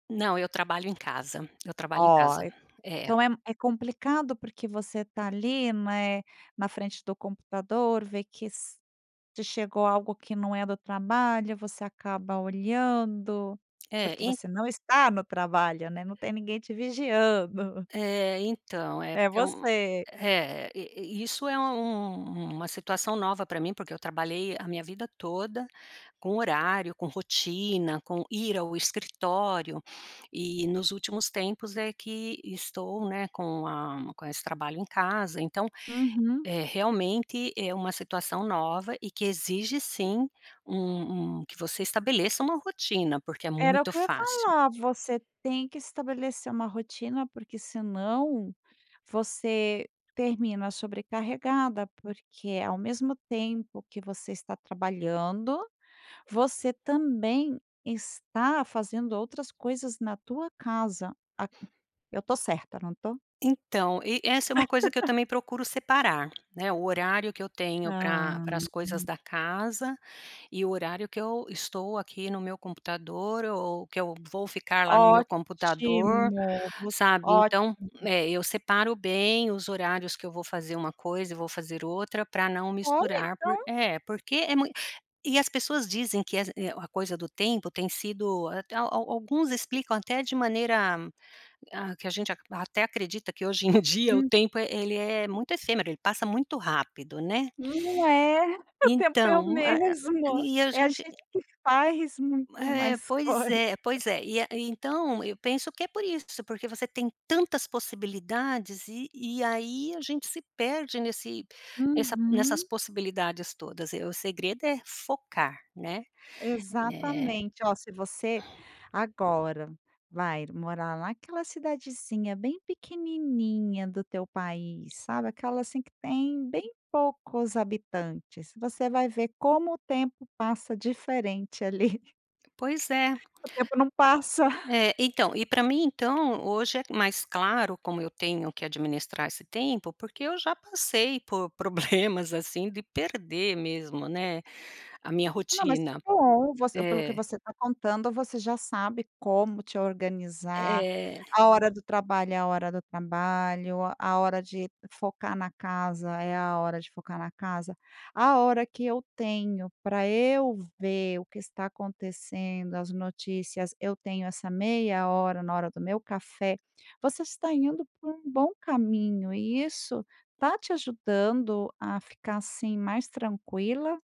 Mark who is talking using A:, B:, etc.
A: Não, eu trabalho em casa, eu trabalho em casa,
B: Olha,
A: é.
B: então é é complicado porque você tá ali, né, na frente do computador vê que se chegou algo que não é do trabalho você acaba olhando,
A: É,
B: porque
A: e
B: você não está no trabalho, né, não tem ninguém te vigiando.
A: É então, é
B: É
A: porque é um,
B: você.
A: é i i isso é um uma situação nova pra mim porque eu trabalhei a minha vida toda, com horário, com rotina, com ir ao escritório, e nos últimos tempos é que estou, né, com a com esse trabalho em casa então,
B: Uhum.
A: é realmente é uma situação nova e que exige sim um um que você estabeleça uma rotina, porque é
B: Era o
A: muito
B: que eu ia
A: fácil.
B: falar, você tem que estabelecer uma rotina porque senão, você termina sobrecarregada porque ao mesmo tempo que você está trabalhando você também está fazendo outras coisas na tua casa, a eu estou certa não estou?
A: Então, e essa é uma coisa que eu também procuro separar, né, o horário que eu tenho para
B: Ah.
A: para as coisas
B: Uhum.
A: da casa, e o horário que eu estou aqui no meu computador, ou que eu vou ficar lá no meu computador,
B: Ótimo, [unintelligible]
A: sabe então,
B: ótimo.
A: é eu separo bem os horários que eu vou fazer uma coisa e vou fazer outra pra não
B: Olhe
A: misturar,
B: então.
A: é, porque é mui e as pessoas dizem es eh, a coisa do tempo tem sido, al al alguns explicam até de maneira, ah, que a gente ac até acredita que hoje em dia o
B: Hum.
A: tempo ele é muito efêmero, ele passa muito rápido, né.
B: Não é, o tempo é o
A: Então, a a
B: mesmo,
A: e a
B: é a
A: gente
B: gente que faz muito
A: É,
B: mais
A: pois
B: coisa.
A: é, pois é, e a, e então eu penso que é por isso, porque você tem tantas possibilidades e e aí a gente se perde nesse nessa, nessas
B: Uhum.
A: possibilidades todas, e o segredo é focar, né. É
B: Exatamente, olha se você agora vai morar naquela cidadezinha bem pequenininha do teu país sabe aquela assim que tem bem poucos habitantes, você vai ver como o tempo passa diferente ali.
A: Pois é.
B: O tempo não passa.
A: É então, e pra mim então, hoje é mais claro como eu tenho que administrar esse tempo, porque eu já passei por problemas, assim, de perder mesmo, né, a minha
B: Não mas é,
A: rotina.
B: você, pelo que
A: É.
B: você tá contando você já sabe como te organizar,
A: É.
B: a hora do trabalho é a hora do trabalho, a hora de focar na casa é a hora de focar na casa, a hora que eu tenho pra eu ver o que está acontecendo as notícias, eu tenho essa meia hora na hora do meu café, você está indo por um bom caminho e isso está te ajudando a ficar, assim, mais tranquila?